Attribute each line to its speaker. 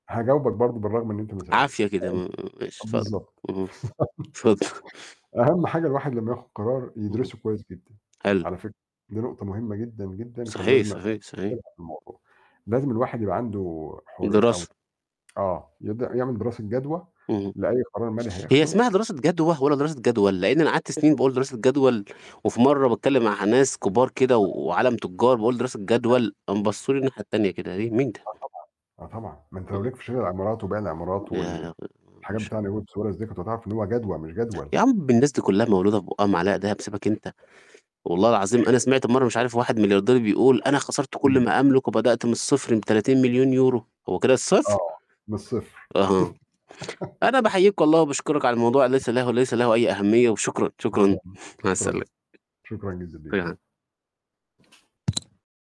Speaker 1: هجاوبك برضه، بالرغم إن أنت ما
Speaker 2: عافية
Speaker 1: سألتش.
Speaker 2: كده، م م ماشي اتفضل،
Speaker 1: بالضبط.
Speaker 2: اهم. اتفض
Speaker 1: أهم حاجة الواحد لمّا ياخد قرار،
Speaker 2: اهم،
Speaker 1: يدرسه كويس جدًا.
Speaker 2: حلو.
Speaker 1: على فكرة دي نقطة مهمة جدًا، جدًا. كان
Speaker 2: صحيح،
Speaker 1: لازم
Speaker 2: صحيح، صحيح.
Speaker 1: [unintelligible] الموضوع، لازم الواحد يبقى عنده حري أو
Speaker 2: دراسة.
Speaker 1: آه، يبدأ يعمل دراسة جدوى،
Speaker 2: اهم.
Speaker 1: لأي قرار مالي
Speaker 2: هي
Speaker 1: هياخده.
Speaker 2: اسمها دراسة جدوى، والّا دراسة جدول؟ لأني أنا قعدت سنين بقول دراسة جدول، وفي مرّة بتكلّم مع ناس كبار كده، و
Speaker 1: آه.
Speaker 2: وعَالَم تجار، بقول: "دراسة
Speaker 1: [unintelligible]
Speaker 2: جدول." قام بصوا لي الناحية التانية كده، ليه، مين ده؟
Speaker 1: آه، طبعًا. آه، طبعًا، ما أنت لو
Speaker 2: اهم.
Speaker 1: ليك في شِرَى العمارات وبيع العمارات وال
Speaker 2: يا
Speaker 1: والحاجات بتاعة
Speaker 2: [unintelligible]
Speaker 1: نجيب سويرس دي، كنت هتعرف إن هو جدوى، مش جدول.
Speaker 2: يا عم الناس دي كلّها مولودة في بُقها معلقة دهب، سيبك أنت، والله العظيم أنا سمعت مرّة مش
Speaker 1: [unintelligible]
Speaker 2: عارف واحد ملياردير بيقول: "أنا خسرت كلّ
Speaker 1: إمم.
Speaker 2: ما أملك، وبدأت من الصفر ب€30.000.000." هو كده الصفر؟!
Speaker 1: آه، من الصفر.
Speaker 2: أها. أنا بحييك والله، وبشكرك على الموضوع، ليس له ليس له أي أهمية. وشكرًا، شكرًا، مع
Speaker 1: شكرًا
Speaker 2: السلامة.
Speaker 1: شكرًا جدًا ليك.
Speaker 2: [unintelligible]